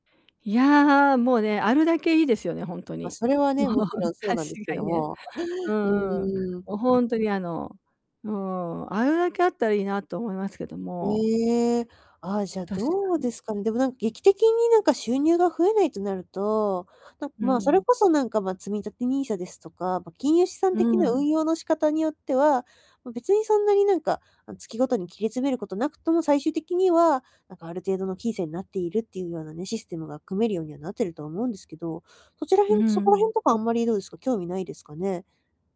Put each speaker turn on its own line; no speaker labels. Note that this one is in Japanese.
いや、もうね、あるだけいいですよね、ほんと
ま、
に。
それはね、
もう
もちろんそう
確
なんですけ
かに
ど
ね。
も。
うん。
うー
も
ん。
うほんとにあの、うーん、あるだけあったらいいなと思いますけども。
ええ、あ、じゃあ、
確か
どうで
に。
すかね。でもなんか劇的になんか収入が増えないとなると、なん
うん
ま、そ
う
れ
ん。
こそなんかま、積み立て NISA ですとか、ま、金融資産
う
的
ん
な
うん。
運用の仕方によっては、ま、別にそんなになんか、あの月ごとに切り詰めること無くとも最終的には、なんかある程度の金銭になっているっていうようなねシステムが組めるようにはなってるとは思うんですけど、そちらへ
うん
んそ
う
こら
ん。
辺とかあんまりどうですか、興味ないですかね？